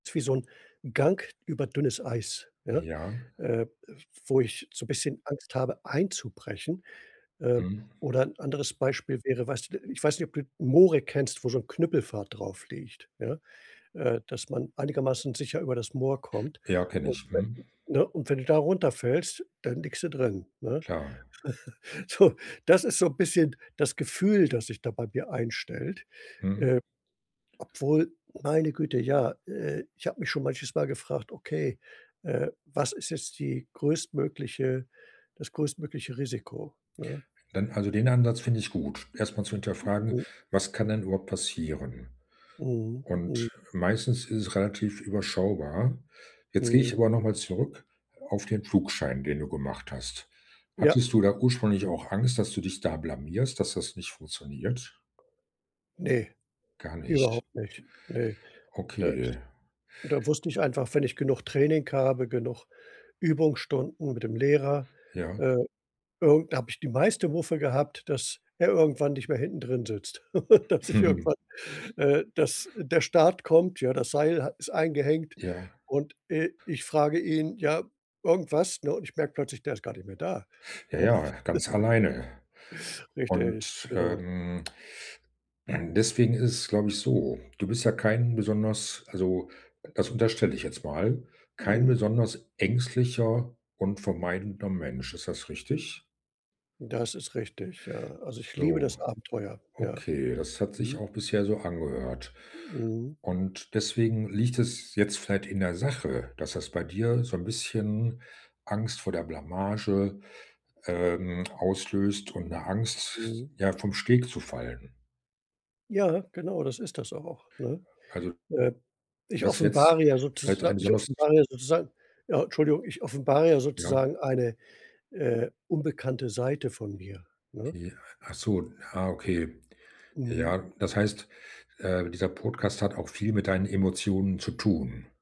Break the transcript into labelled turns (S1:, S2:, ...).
S1: Ist wie so 'n Gang über dünnes Eis, ja,
S2: Ja.
S1: äh, wo ich so bisschen Angst habe einzubrechen. Äh,
S2: Mhm.
S1: oder 'n anderes Beispiel wäre, weißt d äh, ich weiß nicht, ob du Moore kennst wo so 'n Knüppelpfad drauf liegt, ja? Äh, dass man einigermaßen sicher über das Moor kommt
S2: Ja, kenne
S1: u
S2: ich, mhm.
S1: [unintelligible] ne, und wenn du da runterfällst, dann liegst du drin, ne?
S2: Klar.
S1: So das ist so 'n bisschen das Gefühl, das sich da bei mir einstellt,
S2: Mhm.
S1: äh, obwohl meine Güte, ja, äh, ich habe mich schon manches Mal gefragt: „Okay, äh, was ist jetzt die größtmögliche das größtmögliche Risiko”, ne?
S2: Dann also, den Ansatz finde ich gut, erstmal zu hinterfragen,
S1: M
S2: was kann denn überhaupt passieren?
S1: Mhm, m
S2: Und, meistens ist es relativ überschaubar. Jetzt gehe
S1: Mhm.
S2: ich aber nochmal zurück auf den Flugschein, den du gemacht hast.
S1: Ja.
S2: Hattest du da ursprünglich auch Angst, dass du dich da blamierst, dass das nicht funktioniert?
S1: Ne,
S2: Gar nicht.
S1: überhaupt nicht, ne. Das
S2: Okay.
S1: da wusste ich einfach, wenn ich genug Training habe, genug Übungsstunden mit dem Lehrer,
S2: Ja.
S1: äh, irgend da habe ich die meiste Muffe gehabt, dass er irgendwann nicht mehr hinten drin sitzt. Dass ich irgendwann, äh dass der Start kommt, ja, das Seil ha ist eingehängt
S2: Ja.
S1: und, äh, ich frage ihn, ja, irgendwas, ne, und ich merke plötzlich, der ist gar nicht mehr da,
S2: Ja,
S1: ja?
S2: ja, ganz alleine.
S1: Richtig,
S2: Und,
S1: genau.
S2: ähm deswegen ist es, glaube ich, so: du bist ja kein besonders also, das unterstelle ich jetzt mal, kein
S1: Mhm.
S2: besonders ängstlicher und vermeidender Mensch, ist das richtig?
S1: Das ist richtig, ja. Also, ich liebe das
S2: So.
S1: Abenteuer, ja.
S2: Okay, das hat sich
S1: Mhm.
S2: auch bisher so angehört.
S1: Mhm.
S2: Und deswegen liegt es jetzt vielleicht in der Sache, dass das bei dir so 'n bisschen Angst vor der Blamage, ähm, auslöst und 'ne Angst,
S1: Mhm.
S2: ja, vom Steg zu fallen.
S1: Ja, genau, das ist das auch, ne?
S2: Also
S1: Äh, ich
S2: das jetzt
S1: offenbare ja
S2: vielleicht
S1: sozusa
S2: ein
S1: ich
S2: besonders
S1: offenbare sozusagen ja, Entschuldigung. Ich offenbare ja
S2: Ja.
S1: sozusagen eine, äh, unbekannte Seite von mir, ne?
S2: Ja, ach so, ah okay.
S1: Mhm.
S2: Ja, das heißt, äh, dieser Podcast hat auch viel mit deinen Emotionen zu tun.